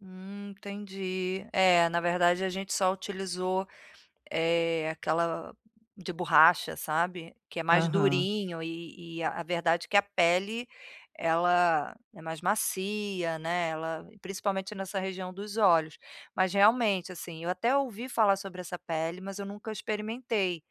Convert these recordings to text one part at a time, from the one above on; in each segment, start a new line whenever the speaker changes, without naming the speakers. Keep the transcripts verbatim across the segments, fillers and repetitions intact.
Hum, entendi. É, na verdade a gente só utilizou, eh, aquela de borracha, sabe. Que é mais
Aham.
durinho e e a a verdade que a pele ela é mais macia, né, ela principalmente nessa região dos olhos. Mas, realmente, assim, eu até ouvi falar sobre essa pele mas eu nunca experimentei,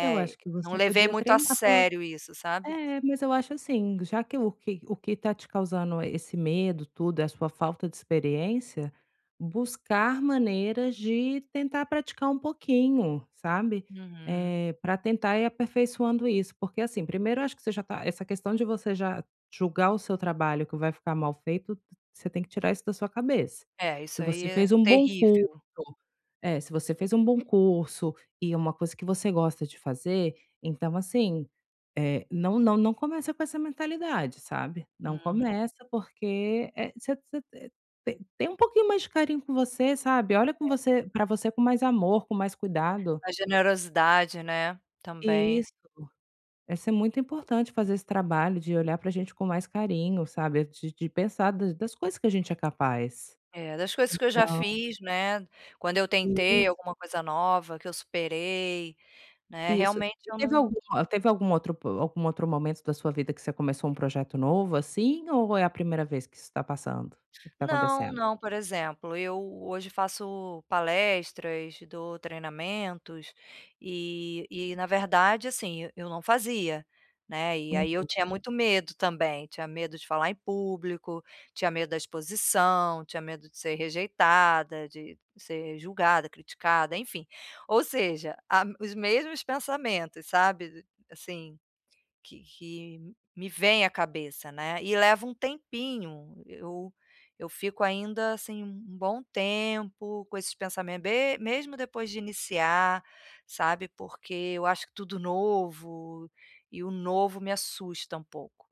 Eu acho que
Não
você
levei
podia
muito a
treinar pelo
sério isso, sabe.
é, mas eu acho, assim, já que o que o que tá te causando esse medo, tudo, é a sua falta de experiência, buscar maneiras de tentar praticar um pouquinho, sabe.
Uhum.
Eh, pra tentar ir aperfeiçoando isso. Porque, assim, primeiro eu acho que você já tá essa questão de você já julgar o seu trabalho que vai ficar mal feito, você tem que tirar isso da sua cabeça.
É,
Se
isso aí
você
é
fez um bom curso
terrível.
é, se você fez um bom curso e uma coisa que você gosta de fazer, então, assim, eh, não não não começa com essa mentalidade, sabe. Não
Uhum.
começa, porque, eh, você você, eh, te tem um pouquinho mais de carinho com você, sabe. Olha com
É.
você pra você com mais amor, com mais cuidado.
A generosidade, né, também.
Isso. Essa é muito importante, fazer esse trabalho de olhar pra gente com mais carinho, sabe, de de pensar das das coisas que a gente é capaz.
É. Das coisas que eu já
Então
fiz, né, quando eu
Isso.
tentei alguma coisa nova, que eu superei, né,
Isso.
realmente eu
Teve
não
alguma teve algum outro po algum outro momento da sua vida que você começou um projeto novo, assim, ou é a primeira vez que isso tá passando? O que que tá
Não,
acontecendo?
não. Por exemplo, eu hoje faço palestras, dou treinamentos e e na verdade, assim, e eu não fazia, né, e aí eu
Uhum.
tinha muito medo também. Tinha medo de falar em público, tinha medo da exposição, tinha medo de ser rejeitada, de ser julgada, criticada, enfim. Ou seja, a os mesmos pensamentos, sabe, assim, que que me vêm à cabeça né. E leva um tempinho eu eu fico ainda, assim, um bom tempo com esses pensamento be mesmo depois de iniciar, sabe, porque eu acho tudo novo e o novo me assusta um pouco.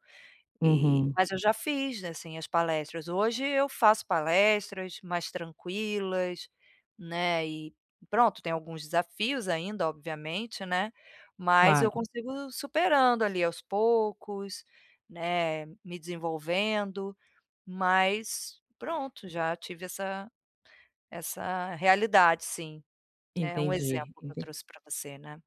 E
Uhum.
mas eu já fiz, assim, as palestras. Hoje eu faço palestras mais tranquilas, né, e pronto. Tem alguns desafios ainda, obviamente, né, mas eu
Claro.
consigo superando ali aos poucos, né, me desenvolvendo, mas, pronto. Já tive essa essa realidade, sim. É um
Entendi,
exemplo que eu
ente
trouxe pra você, né.